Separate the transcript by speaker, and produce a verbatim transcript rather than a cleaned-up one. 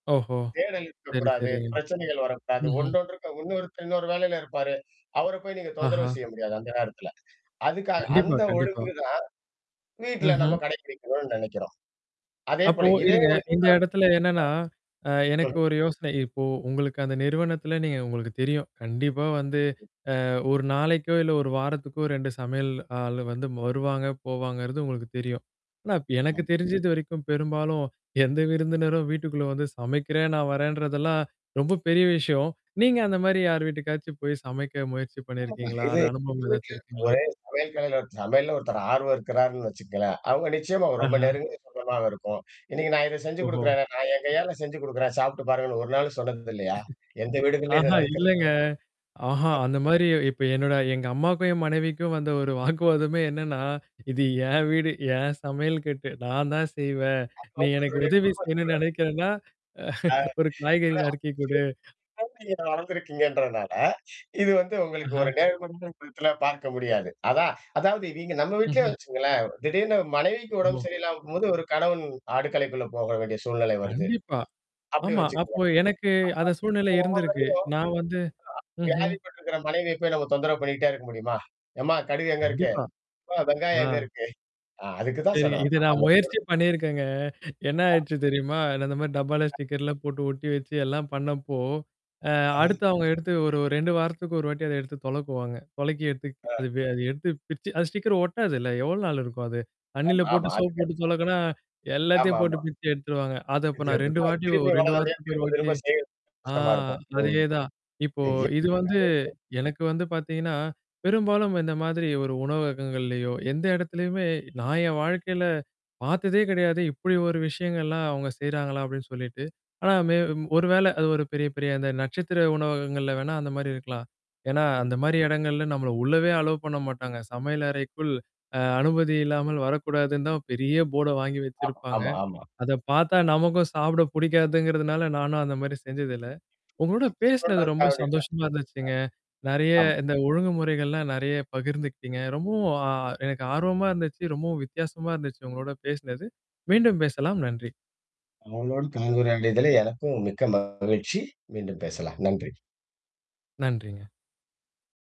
Speaker 1: ஓஹோ!
Speaker 2: தேடல்
Speaker 1: சரி,
Speaker 2: இருக்கக்கூடாது.
Speaker 1: சரிங்க.
Speaker 2: பிரச்சனைகள் வரக்கூடாது.
Speaker 1: ம்ஹ்ம்.
Speaker 2: ஒன்றொன்றுக்கு இன்னொருத்தங்க வேலையில இருப்பாரு. அவர போய் நீங்க
Speaker 1: ஆஹா.
Speaker 2: தொந்தரவு செய்ய முடியாது அந்த நேரத்தில. அதுக்காக
Speaker 1: கண்டிப்பா,
Speaker 2: அந்த
Speaker 1: கண்டிப்பா.
Speaker 2: ஒழுங்கு தான். வீட்ல நம்ம
Speaker 1: ம்ஹ்ம்.
Speaker 2: கடைபிடிக்கணும்னு நினைக்கிறோம். அதே
Speaker 1: அப்போ
Speaker 2: போல இதே
Speaker 1: இருங்க.
Speaker 2: ஒழுக்கம்தான்.
Speaker 1: இந்த இடத்துல என்னன்னா அ
Speaker 2: ஆ
Speaker 1: எனக்கு
Speaker 2: ம்ஹ்ம்.
Speaker 1: ஒரு யோசனை. இப்போ உங்களுக்கு அந்த நிறுவனத்துல நீங்க உங்களுக்கு தெரியும். கண்டிப்பா வந்து அ ஒரு நாளைக்கோ! இல்ல ஒரு வாரத்துக்கோ! இரண்டு சமையல் ஆள் வந்து வருவாங்க, போவாங்கிறது உங்களுக்கு தெரியும். ஆனா, எனக்கு
Speaker 2: ம்.
Speaker 1: தெரிஞ்சது வரைக்கும் பெரும்பாலும் எந்த விருந்தினரும் வீட்டுக்குள்ள வந்து சமைக்கிறேன் நான் வரேன்றதெல்லாம் ரொம்ப பெரிய விஷயம். நீங்க அந்தமாரி யார் வீட்டுக்காச்சும் போய் சமைக்க முயற்சி
Speaker 2: [unintelligible]
Speaker 1: பண்ணியிருக்கீங்களா?
Speaker 2: இது.
Speaker 1: அது அனுபவம் ஏதாச்சும்
Speaker 2: [unintelligible]
Speaker 1: இருக்குங்களா?
Speaker 2: ஒரே, ஒரே கலையில ஒரு சமையல்ல ஒருத்தர் ஆர்வம் இருக்கிறாருன்னு வச்சுக்கங்களேன்! அவுங்க நிச்சயமா அவ ரொம்ப
Speaker 1: ஆஹா!
Speaker 2: நெருங்குன சொந்தமாக இருக்கும். இன்னக்கு நான் இத செஞ்சு
Speaker 1: ஓஹோ!
Speaker 2: குடுக்குறேனே, நான் என் கையால செஞ்சு குடுக்குறேன் சாப்புட்டு பாருங்கன்னு ஒரு நாள் சொன்னது இல்லயா! எந்த வீடு இதுலயும் இது
Speaker 1: ஆஹா!
Speaker 2: நடக்கிறதில்லயா?
Speaker 1: இல்லங்க. ஆஹா. அந்தமாரி இப்ப என்னோட எங்க அம்மாக்கும் என் மனைவிக்கும் வந்த ஒரு வாக்குவாதமே என்னன்னா, இது ஏன் வீடு, ஏன் சமையல் கட்டு நான் தான் செய்வேன். நீ எனக்கு
Speaker 2: அவர்களுடைய குடும்ப
Speaker 1: உதவி செய்யணுன்னு
Speaker 2: சூழல்
Speaker 1: நினைக்கிறேன்னா,
Speaker 2: அ
Speaker 1: அ ஒரு காய்கறி நறுக்கி குடு.
Speaker 2: அதான். [unintelligible] வளர்ந்திருக்கீங்கின்றனால, இது வந்து உங்களுக்கு
Speaker 1: ஆஹா!
Speaker 2: ஒரு நேர்மன்ற [unintelligible] பார்க்க முடியாது. அதான். அதாவது நீங்க நம்ம வீட்லயே
Speaker 1: ம்ஹ்ம்.
Speaker 2: வச்சுங்களேன்! திடீர்னு மனைவிக்கு
Speaker 1: ஓஹோ!
Speaker 2: உடம்ப சரியில்லாமக்கும்போது, ஒரு கணவன் அடுக்கலைக்குள்ள போக வேண்டிய சூழ்நிலை வருது.
Speaker 1: கண்டிப்பா.
Speaker 2: அப்பிடி
Speaker 1: ஆமா.
Speaker 2: வச்சுகங்க
Speaker 1: அப்போ எனக்கு அந்த சூழ்நிலை இருந்திருக்கு. நான் வந்து
Speaker 2: [unintelligible]
Speaker 1: ம்ஹ்ம்.
Speaker 2: வியாதிப்பட்டுருக்கிற மனைவியப் போய் நம்ம தொந்தரவு பண்ணிட்டே இருக்க முடியுமா? எம்மா! கடுகு எங்க இருக்கு?
Speaker 1: கண்டிப்பா.
Speaker 2: ஆ வெங்காயம்
Speaker 1: ஆ.
Speaker 2: எங்க இருக்கு? ஆ அதுக்கு தான் சொல்ல
Speaker 1: சரிங்க. இத
Speaker 2: வரேன்
Speaker 1: நான்
Speaker 2: அந்த [unintelligible]
Speaker 1: முயற்சி பண்ணியிருக்கேங்க. என்ன
Speaker 2: அ.
Speaker 1: ஆயிடுச்சு தெரியுமா? நான் அந்தமாரி டப்பால
Speaker 2: அ.
Speaker 1: ஸ்டிக்கர்லாம் போட்டு ஒட்டி வச்சு எல்லாம் பண்ணப்போ அ
Speaker 2: ம்ஹ்ம்.
Speaker 1: அடுத்து அவுங்க எடுத்து ஒரு ரெண்டு வாரத்துக்கு ஒரு வாட்டி அத எடுத்து தொலக்குவாங்க. தொலைக்கி எடுத்து
Speaker 2: ஆ.
Speaker 1: அது, அது எடுத்து பிரிச்சு அது ஸ்டிக்கர் ஒட்டாதுல்ல எவ்வளோ நாள் இருக்கும் அது. தண்ணீல
Speaker 2: அம், ஆமா, ஆமா.
Speaker 1: போட்டு
Speaker 2: அது
Speaker 1: சோப்பு போட்டு
Speaker 2: கரெக்ட்தான்.
Speaker 1: தொலக்குனா,
Speaker 2: ஆமா,
Speaker 1: எல்லாத்தையும் போட்டு
Speaker 2: ஆமா.
Speaker 1: பிரிச்சு எடுத்துருவாங்க. அத
Speaker 2: [unintelligible]
Speaker 1: அப்ப நான்
Speaker 2: திரும்பியும்
Speaker 1: ரெண்டு வாட்டி ஒரு ரெண்டு
Speaker 2: [unintelligible]
Speaker 1: வாரத்துக்கு ஒரு
Speaker 2: திரும்ப,
Speaker 1: வாட்டி.
Speaker 2: திரும்ப செய்ய
Speaker 1: ஆ
Speaker 2: கஷ்டமா இருக்கும்.
Speaker 1: அதேதான். இப்போ
Speaker 2: ம்.
Speaker 1: இது வந்து
Speaker 2: [unintelligible]
Speaker 1: எனக்கு வந்து பார்த்தீங்கன்னா, பெரும்பாலும் இந்த மாதிரி ஒரு உணவககங்கள்லயோ, எந்த இடத்தலயுமே நான் என் வாழ்க்கையில பார்த்ததே கிடையாது. இப்பிடி ஒரு விஷயங்கள்லாம் அவுங்க செய்றாங்களா? அப்பிடின்னு சொல்லிட்டு. ஆனா மே ஒரு வேளை அது ஒரு பெரிய, பெரிய அந்த நட்சத்திர உணவகங்கள்ல வேணா அந்தமாரி இருக்கலாம். ஏன்னா, அந்தமாரி இடங்கள்ல நம்மள உள்ளவே அலோ பண்ண மாட்டாங்க. "சமையல் அறைக்குள் அ அனுமதி இல்லாமல் வரக்கூடாதுன்னு." தான் பெரிய போர்ட வாங்கி
Speaker 2: ஆமா,
Speaker 1: வச்சிருப்பாங்க.
Speaker 2: ஆமா, ஆமா.
Speaker 1: அத பார்த்தா நமக்கும் சாப்பிட புடிக்காதுங்கிறதுனால நானும் அந்தமாரி செஞ்சது இல்ல. உங்களோட பேசினது ரொம்ப
Speaker 2: தோன்றதுக்காக வேண்டி இல்ல. [unintelligible]
Speaker 1: சந்தோஷமா இருந்துச்சுங்க. நெறைய
Speaker 2: ஆமா.
Speaker 1: இந்த ஒழுங்குமுறைகள்லாம் நிறைய பகிர்ந்துக்கிட்டீங்க. ரொம்பவும் அ எனக்கு ஆர்வமா இருந்துச்சு. ரொம்பவும் வித்தியாசமா இருந்துச்சு உங்களோட பேசினது. மீண்டும் பேசலாம். நன்றி.
Speaker 2: உங்களோடு கலந்துரையாடியதல எனக்கும் மிக்க மகிழ்ச்சி. மீண்டும் பேசலாம். நன்றி.
Speaker 1: நன்றிங்க.